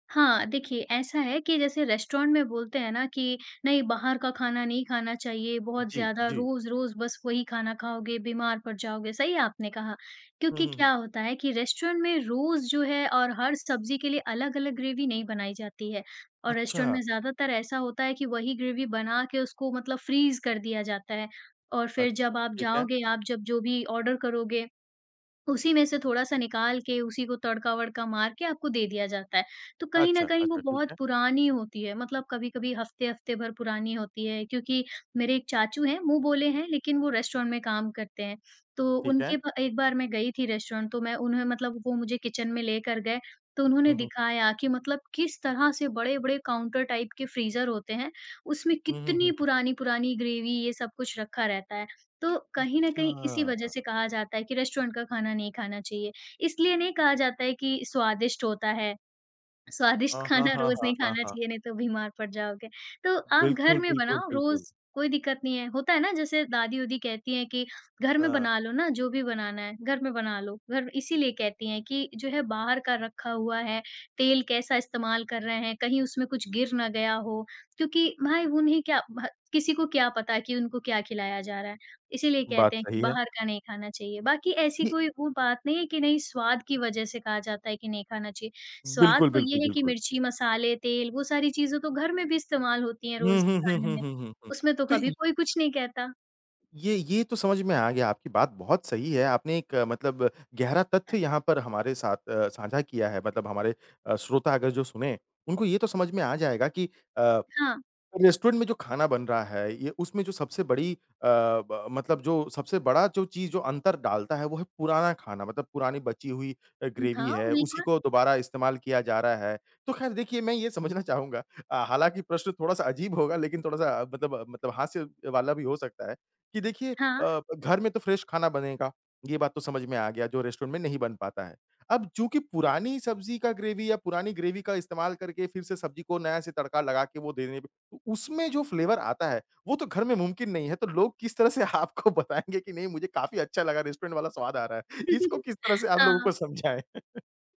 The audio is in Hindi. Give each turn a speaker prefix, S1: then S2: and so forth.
S1: हाँ, देखिए ऐसा है कि जैसे रेस्टोरेंट बोलते हैं ना कि नहीं बाहर का खाना नहीं खाना चाहिए बहुत
S2: जी,
S1: ज़्यादा
S2: जी।
S1: रोज़-रोज़ बस वही खाना खाओगे, बीमार पड़ जाओगे सही आपने कहा,
S2: हुँ,
S1: क्योंकि
S2: हुँ, हुँ।
S1: क्या होता है कि रेस्टोरेंट में रोज़ जो है और हर सब्जी के लिए अलग-अलग ग्रैवी नहीं बनाई जाती है और रेस्टोरेंट
S2: अच्छा।
S1: में ज़्यादातर ऐसा होता है कि वही ग्रैवी बना के उसको मतलब फ्रीज़ कर दिया जाता है और फिर
S2: अच्छा,
S1: जब आप
S2: ठीक है।
S1: जाओगे, आप जब जो भी ऑर्डर करोगे उसी में से थोड़ा-सा निकाल के उसी को तड़का-वडका मार के आपको दे दिया जाता है। तो कहीं न
S2: अच्छा,
S1: कहीं वो
S2: अच्छा। ठीक
S1: बहुत
S2: है।
S1: पुरानी होती है, मतलब कभी-कभी हफ़्ते-हफ़्ते भर पुरानी होती है क्योंकि मेरे एक चाचू हैं मुँह बोले हैं लेकिन वो रेस्टोरेंट में काम करते हैं। तो
S2: ठीक है।
S1: उनके प एक बार मैं गई थी रेस्टोरेंट तो मैं उन्होंने मतलब वो मुझे किचन में लेकर गए तो उन्होंने
S2: हुँ, हुँ।
S1: दिखाया कि मतलब किस तरह से बड़े-बड़े काउन्टर टाइप के फ्रीज़र होते हैं, उसमें
S2: हुँ, हुँ,
S1: कितनी
S2: हुँ।
S1: पुरानी-पुरानी ग्रैवी ये सब कुछ रखा रहता है। तो कहीं न कहीं इसी वज़ह
S2: अच्छा।
S1: से कहा जाता है कि रेस्टोरेंट का खाना नहीं खाना चाहिए, इसलिए नहीं कहा जाता है कि स्वादिष्ट होता है, स्वादिष्ट
S2: हाँ, हाँ,
S1: खाना
S2: हाँ,
S1: रोज़
S2: हाँ,
S1: नहीं
S2: हाँ,
S1: खाना
S2: हाँ।
S1: चाहिए नहीं तो बीमार पड़ जाओगे, तो आप घर
S2: बिल्कुल,
S1: में
S2: बिल्कुल,
S1: बनाओ
S2: बिल्कुल।
S1: रोज़ कोई दिक्कत नहीं है। होता है ना जैसे दादी-ओदी कहती हैं कि घर में
S2: हाँ।
S1: बना लो ना जो भी बनाना है, घर में बना लो घर इसीलिए कहती हैं कि जो है बाहर का रखा हुआ है, तेल कैसा इस्तेमाल कर रहे हैं, कहीं उसमें कुछ गिर ना गया हो, क्योंकि भाई उन्हें क्या भ किसी को क्या पता कि उनको क्या खिलाया जा रहा है, इसीलिए कहते
S2: बात
S1: हैं कि
S2: सही है।
S1: बाहर का नहीं खाना चाहिए बाकी ऐसी
S2: ये
S1: कोई वो बात नहीं है कि नहीं स्वाद की वजज़ से कहा जाता है कि नहीं खाना चाहिए, स्वाद
S2: बिल्कुल,
S1: तो
S2: बिल्कुल,
S1: ये है कि
S2: बिल्कुल।
S1: मिर्ची, मसाले, तेल वो सारी चीज़ें तो घर में भी इस्तेमाल होती हैं
S2: हुँ,
S1: रोज़ के
S2: हुँ, हुँ,
S1: खाने
S2: हुँ,
S1: में,
S2: हुँ, हुँ, हुँ।
S1: उसमें तो
S2: तो
S1: कभी
S2: इ
S1: कोई कुछ नहीं कहता।
S2: ये ये तो समझ में आ गया आपकी बात बहुत सही है आपने एक अ, मतलब गहरा तथ्य यहाँ पर हमारे साथ अ, साझा किया है मतलब हमारे अ, श्रोतागण जो सुनें, उनको ये तो समझ में आ जाएगा कि अ,
S1: हाँ।
S2: रेस्टोरेंट में जो खाना बन रहा है ये उसमें जो सबसे बड़ी अ, ब मतलब जो सबसे बड़ा जो चीज़ अंतर डालता है वो है पुराना खाना मतलब पुरानी बची हुई अ,
S1: हुँ।
S2: ग्रैवी
S1: हाँ,
S2: है, उसी
S1: बिल्कुल।
S2: को दोबारा इस्तेमाल किया जा रहा है। तो ख़ैर देखिए मैं ये समझना चाहूँगा अ, हालाँकि प्रश्न थोड़ा-सा अजीब होगा लेकिन थोड़ा-सा अ, मतलब मतलब हास्य वाला भी हो सकता है कि देखिए
S1: हाँ।
S2: अ, घर में तो फ्रेश खाना बनेगा, ये बात तो समझ में आ गया जो रेस्टोरेंट में नहीं बन पाता है। अब चूँकि पुरानी सब्जी का ग्रैवी या पुरानी ग्रैवी का इस्तेमाल करके फिर से सब्जी को नया से तड़का लगाकर वो देने में, तो उसमें जो फ्लेवर आता है वो तो घर में मुमकिन नहीं है तो लोग किस तरह से आपको बताएँगे कि नहीं, मुझे काफ़ी अच्छा लगा रेस्टोरेंट वाला स्वाद आ रहा है, इसको किस तरह से आप लोगों
S1: हाँ।
S2: को समझाएँ?